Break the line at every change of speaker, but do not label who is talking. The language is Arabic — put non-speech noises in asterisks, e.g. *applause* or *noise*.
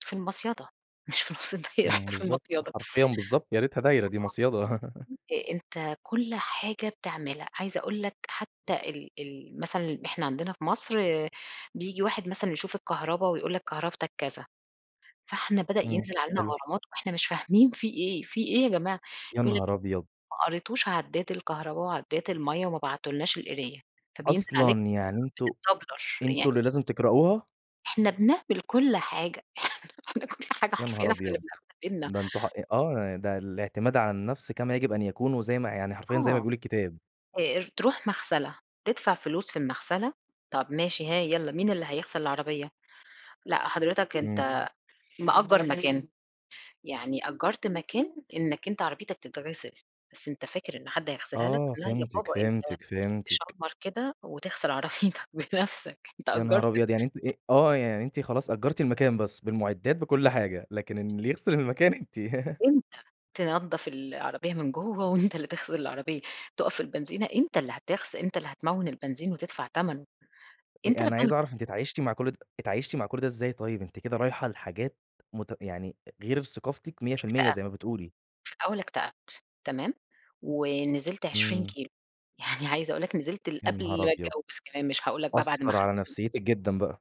في المصيدة مش في نُص الدايرة
امم.
إحنا فى
بالضبط
المصيدة
حرفيًا بالضبط يا ريتها دايرة دي مصيدة *laughs*
*unintelligible* أ أنت كل حاجة بتعملها، عايزة أقول لَك حتى ال ال مثلًا، إحنا عندنا في مصر بييجي واحد مثلًا، يشوف الكهربا ويقول لَك كهربتَك كذا، فإحنا بدأ
إمم
ينزل علينا
حلو.
غرامات وإحنا مش فاهمين في إيه، في إيه يا جماعة
يا
يقول لَك
نهار
*unintelligible*
أبيض!
ما قريتوش عداد الكهربا وعداد المَيّة وما بعتُّولناش القراية. فبينزل عليك
أصلًا. يعني أنتم
*unintelligible* بتتدبلَّر
أنتم اللي
يعني
لازم تقرأوها؟
إحنا بنعمل كل حاجة إحنا كل حاجة
يا نهار
حرفيًا إحنا
أبيض!
اللي *unintelligible*
ده أنتم حق آه، يعني ده الإعتماد على النفْس كما يجب أن يكون، وزي ما يعني حرفيًا، زي ما
آه.
بيقول الكتاب.
آآ ر تروح مغسلة، تدفع فلوس في المغسلة طَب ماشي ها يالّا مين اللي هيغسل العربية؟ لأ، حضرتك
إمم.
أنت مأجرّ مكان. يعني أجرّت مكان إنك أنت عربيتك تتغسل بس أنت فاكر إن حد، هيغسِلها لَك؟
آه
لا يا
فهمتِك،
بابا، أنت
فهمتِك، فهمتِك.
تشمَرّ كده وتغسل عربيتك بنفْسك أنت
يا نهار
أجرت
أبيض، يعني أنتِ أ آه، يعني أنتِ خلاص أجرتِ المكان بس بالمُعِدّات بكل حاجة، لكن إن اللي يغسل المكان أنتِ *laughs*
أنت. تنضف العربية من جوّا وأنت اللي تغسل العربية، تُقف في البنزينة أنت اللي هتغس أنت اللي هتموّن البنزين وتدفع تَمَنُه، أنت
أ
اللي
أنا
بتعمل
عايز
ك
أعرف، أنتِ اتعايشتِ مع كل ده اتعايشتِ مع كل ده إزاي طيب؟ أنتِ كده رايحة لحاجات مت يعني أ غير في ثقافتِك 100%
اكتأبت
زي ما بتقولي.
في الأول اكتأبت. تمام، ونزلت 20
إمم.
كيلو يعني عايزة أقول لَك نِزِلت
يا
لِقبل
نهار
ما
أبيض!
أتجوز كمان. مش هاقول لَك بقى بعد ما
أثّر على
خلفت
نفسيتِك جدًا بقى؟